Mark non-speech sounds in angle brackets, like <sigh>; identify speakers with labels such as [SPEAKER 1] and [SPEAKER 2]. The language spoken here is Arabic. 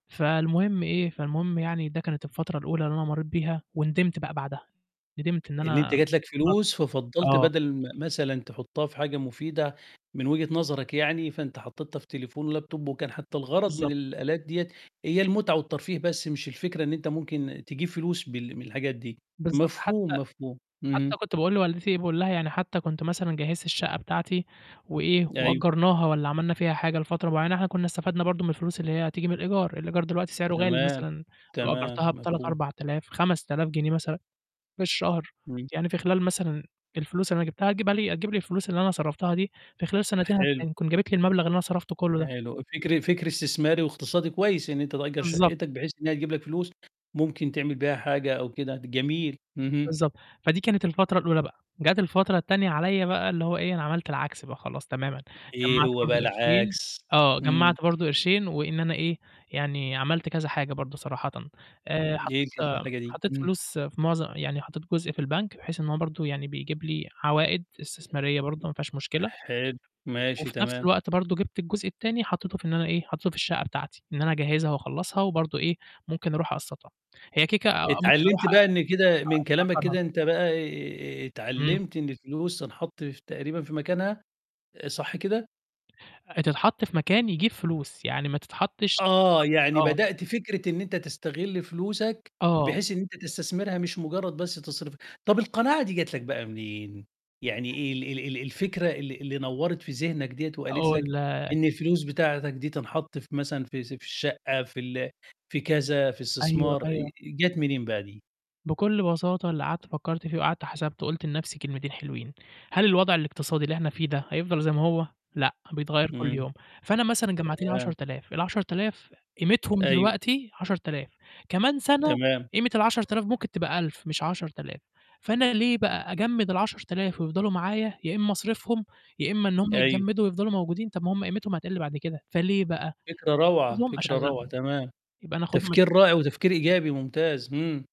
[SPEAKER 1] فالمهم إيه، فالمهم يعني ده كانت الفترة الأولى اللي أنا مرّيت بيها وندمت بقى بعدها، ندمت إن
[SPEAKER 2] إن أنت
[SPEAKER 1] أنا
[SPEAKER 2] جات لك
[SPEAKER 1] م <unintelligible>
[SPEAKER 2] فلوس ففضّلت
[SPEAKER 1] آه.
[SPEAKER 2] بدل ما مثلًا تحطّها في حاجة مفيدة من وجهة نظرك يعني، فأنت حطّيتها في تليفون ولاب توب وكان حتى الغرض من
[SPEAKER 1] بالضبط.
[SPEAKER 2] الآلات دِيّة هي المُتعة والترفيه، بس مش الفكرة إن أنت ممكن تجيب فلوس بال من الحاجات دي.
[SPEAKER 1] بالضبط،
[SPEAKER 2] مفهوم،
[SPEAKER 1] حتى
[SPEAKER 2] مفهوم. اهم.
[SPEAKER 1] حتى كنت باقول لوالدتي باقول لها: "يعني حتى كنت مثلًا جهّزت الشَقّة بتاعتي وإيه،
[SPEAKER 2] أيوه.
[SPEAKER 1] وأجّرناها والّا عملنا فيها حاجة لفترة معيّنة إحنا كنّا استفدنا برضه من الفلوس اللي هي هتيجي من الإيجار." الإيجار دلوقتي سعره غالي،
[SPEAKER 2] تمام،
[SPEAKER 1] مثلًا لو
[SPEAKER 2] تمام،
[SPEAKER 1] أجّرتها ب3،
[SPEAKER 2] مفهوم.
[SPEAKER 1] 4000، 5000 جنيه مثلًا في الشهر،
[SPEAKER 2] إمم.
[SPEAKER 1] يعني في خلال مثلًا الفلوس اللي أنا جبتها هتجبها لي هتجيب لي الفلوس اللي أنا صرفتها دي في خلال سنتين هت
[SPEAKER 2] حلو.
[SPEAKER 1] تكون جابت لي المبلغ اللي أنا صرفته كلّه ده.
[SPEAKER 2] حلو. فكر فكر استثماري واقتصادي كويس، إن أنت تأجّر
[SPEAKER 1] بالضبط.
[SPEAKER 2] شَقتَك بحيث إن هي تجيب لك فلوس، ممكن تعمل بيها حاجة أو كده، د جميل. اهم.
[SPEAKER 1] بالضبط، فدي كانت الفترة الأولى بقى، جات الفترة التانية عليّا بقى اللي هو إيه، أنا عملت العكس بقى خلاص تمامًا،
[SPEAKER 2] إيه
[SPEAKER 1] جمّعت
[SPEAKER 2] هو
[SPEAKER 1] برضه
[SPEAKER 2] بقى
[SPEAKER 1] قرشين
[SPEAKER 2] العكس؟
[SPEAKER 1] آه،
[SPEAKER 2] إمم.
[SPEAKER 1] جمّعت برضه قرشين وإن أنا إيه، يعني عملت كذا حاجة برضه صراحةً، آآ
[SPEAKER 2] إمم،
[SPEAKER 1] حطّيت
[SPEAKER 2] يركّز في الحاجة دي،
[SPEAKER 1] حطّيت
[SPEAKER 2] إمم.
[SPEAKER 1] فلوس في مُعظم يعني حطّيت جزء في البنك بحيث إن هو برضه يعني بيجيب لي عوائِد استثمارية برضه ما فيهاش مشكلة.
[SPEAKER 2] حلو، ماشي،
[SPEAKER 1] وفي نَفْس
[SPEAKER 2] تمام.
[SPEAKER 1] الوقت برضه جبت الجزء التاني حطّيته في إن أنا إيه، حطّيته في الشَقّة بتاعتي، إن أنا أجهّزها وأخلّصها وبرضه إيه، ممكن أروح أقسّطها، هي كده، كده ممكن أروح
[SPEAKER 2] اتعلّمت بقى
[SPEAKER 1] عشان
[SPEAKER 2] إن كده من كلامك
[SPEAKER 1] أأجّرها.
[SPEAKER 2] كده أنت بقى ي
[SPEAKER 1] إمم.
[SPEAKER 2] اتعلّمت إن الفلوس تنحط ف تقريبًا في مكانها، آآ صح كده؟
[SPEAKER 1] آآ تتحط في مكان يجيب فلوس، يعني ما تتحطّش
[SPEAKER 2] آه،
[SPEAKER 1] ما تتحطّش
[SPEAKER 2] يعني
[SPEAKER 1] آه.
[SPEAKER 2] بدأت فكرة إن أنت تستغل فلوسك،
[SPEAKER 1] آه.
[SPEAKER 2] بحيث إن أنت تستثمرها مش مُجرّد بس تصرفها، طَب القناعة دي جات لك بقى منين، يعني ال ال ال ال الفكرة اللي اللي نوّرت في ذِهنك دِيّة وقالت
[SPEAKER 1] هاقول
[SPEAKER 2] لك،
[SPEAKER 1] لك.
[SPEAKER 2] إن الفلوس بتاعتك دي تنحط في مثلًا في سب الشَقّة في ال في كذا في
[SPEAKER 1] أيوه،
[SPEAKER 2] استثمار، آآ آآ
[SPEAKER 1] أيوه.
[SPEAKER 2] جات منين بقى دي؟
[SPEAKER 1] بكل بساطة اللي قعدت فكّرت فيه وقعدت حسبته، قُلت لنَفْسي كلمتين حلوين، هل الوضع الاقتصادي اللي إحنا فيه ده هيفضل زي ما هو لأ، بيتغيّر كل
[SPEAKER 2] إمم.
[SPEAKER 1] يوم، فأنا مثلًا جمّعت لي عَشَر
[SPEAKER 2] تمام.
[SPEAKER 1] آلاف، ال10000 قيمتهم
[SPEAKER 2] أيوه.
[SPEAKER 1] دلوقتي 10000، كمان سَنة
[SPEAKER 2] تمام.
[SPEAKER 1] قيمة ال10000 ممكن تبقى 1000 مش 10000، فأنا ليه بقى أجمّد ال10000 ويفضلوا معايا يا إمّا أصرفهم، يا إمّا إنّهم
[SPEAKER 2] أيوه.
[SPEAKER 1] يتجمّدوا ويفضلوا موجودين، طَب ما هم قيمتهم هتقِل بعد كده، فليه بقى؟
[SPEAKER 2] فكرة روعة،
[SPEAKER 1] آخُدهم
[SPEAKER 2] فكرة روعة
[SPEAKER 1] أشغلهم،
[SPEAKER 2] تمام،
[SPEAKER 1] يبقى أنا آخُدهم أش
[SPEAKER 2] تفكير رائع وتفكير إيجابي، ممتاز، إمم.